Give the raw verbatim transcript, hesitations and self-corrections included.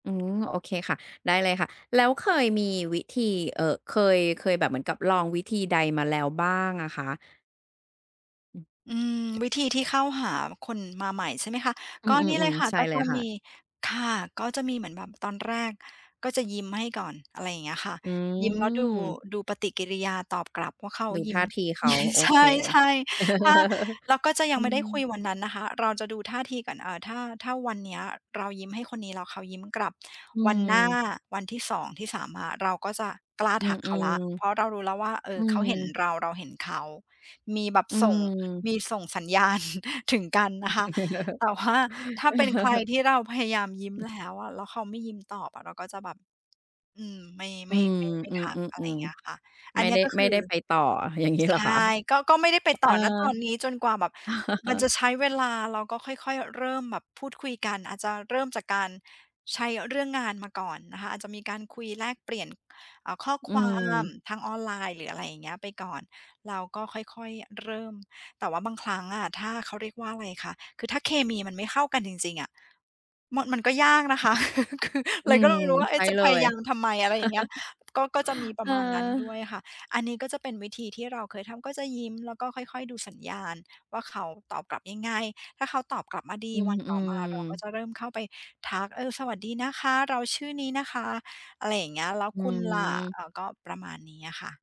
อืม โอเคค่ะ ได้เลยค่ะ แล้วเคยมีวิธี เอ่อ เคย เคยแบบเหมือนกับลองวิธีใดมาแล้วบ้างอะคะ? อืม อืม วิธีที่เข้าหาคนมาใหม่ ใช่ไหมคะ อืก็นี่เลม ยๆ ค่ะ ๆ ใช่ก็เลจยะค่มะ ี ค่ะ ก็จะมีเหมือนแบบตอนแรก ก็จะยิ้มให้ก่อน อะไรอย่างเงี้ยค่ะ อยิ้มแล้วดู ืม ดูปฏิกิริยาตอบกลับว่าเขาดูยทิ่้ม าทีเขา โอใชเค ่ ๆ ถ้า เราก็จะยังไม่ได้อืคุม ยวันนั้นนะคะ เราจะดูท่าทีก่อน เอ่อ ถ้า ถ้าวันนี้เรายิ้มให้คนนี้ แล้วเขายิ้มกลับ อืวันหน้า ม วันที่ สอง ที่ สาม อะ เราก็จะกล้าอืทัอ กเขาแล้ว เพราะเรารู้แล้วว่า เอๆ อือ เขาเห็นม เรา เราเห็นเขา มีแบบอืส่ง ม มีส่งสัญ ญาณ ถึงกันนะคะ แต่ว่าถ้าเป็นใครที่เราพยายามยิ้มอือ แล้วอะ แล้วเขาไม่ยิ้มตอบอะ เราก็จะแบบ อืม ไม่ อไืม่ ม ไม่ ไม่อืทัก อะไรอม ย่างเงี้ยคๆ ่ะ ๆ อัไนม่นีไ้ด้ ก็คไม่ือ ได้ไปต่อ อย่างงี้ เหใรชอคะ? ่ ก็ ก็ไม่ได้ไปห เตอ่อ อ ณ ตอนนี้จนกว่าแบบ มันจะใช้เวลา เราก็ค่อย ๆ เริ่มแบบพูดคุยกัน อาจจะเริ่มจากการใช้เรื่องงานมาก่อนนะคะ อาจจะมีการคุยแลกเปลี่ยน อ่า ข้ออืความม ทางออนไลน์ หรืออะไรอย่างเงี้ย ไปก่อน เราก็ค่อย ๆ เริ่ม แต่ว่าบางครั้งอะ ถ้า เขาเรียกว่าอะไรคะ คือถ้าเคมีมันไม่เข้ากันจริง ๆ อะ มัน มันก็ยากนะคะ คือ อืเลยก็ม ไม่รู้ว่า เใอช๊่ะ จะเลพยาย ยามทำไม อะไรอย่างเงี้ย ก็ ก็จะมีปเรอะอ มาณนั้นด้วยค่ะ อันนี้ก็จะเป็นวิธีที่เราเคยทำ ก็จะยิ้ม แล้วก็ค่อย ๆ ดูสัญญาณว่าเขาตอบกลับยังไง ถ้าเขาตอบกลับมาดี อืวันต่อมาเราก็อ ๆ จะเริ่มเข้าไปทัก "เออ สวัสดีนะคะ เราชื่อนี้นะคะ อะไรอย่างเงี้ย แล้วอืคุณล่ะ?" ม อา ก็ประมาณนี้อะค่ะ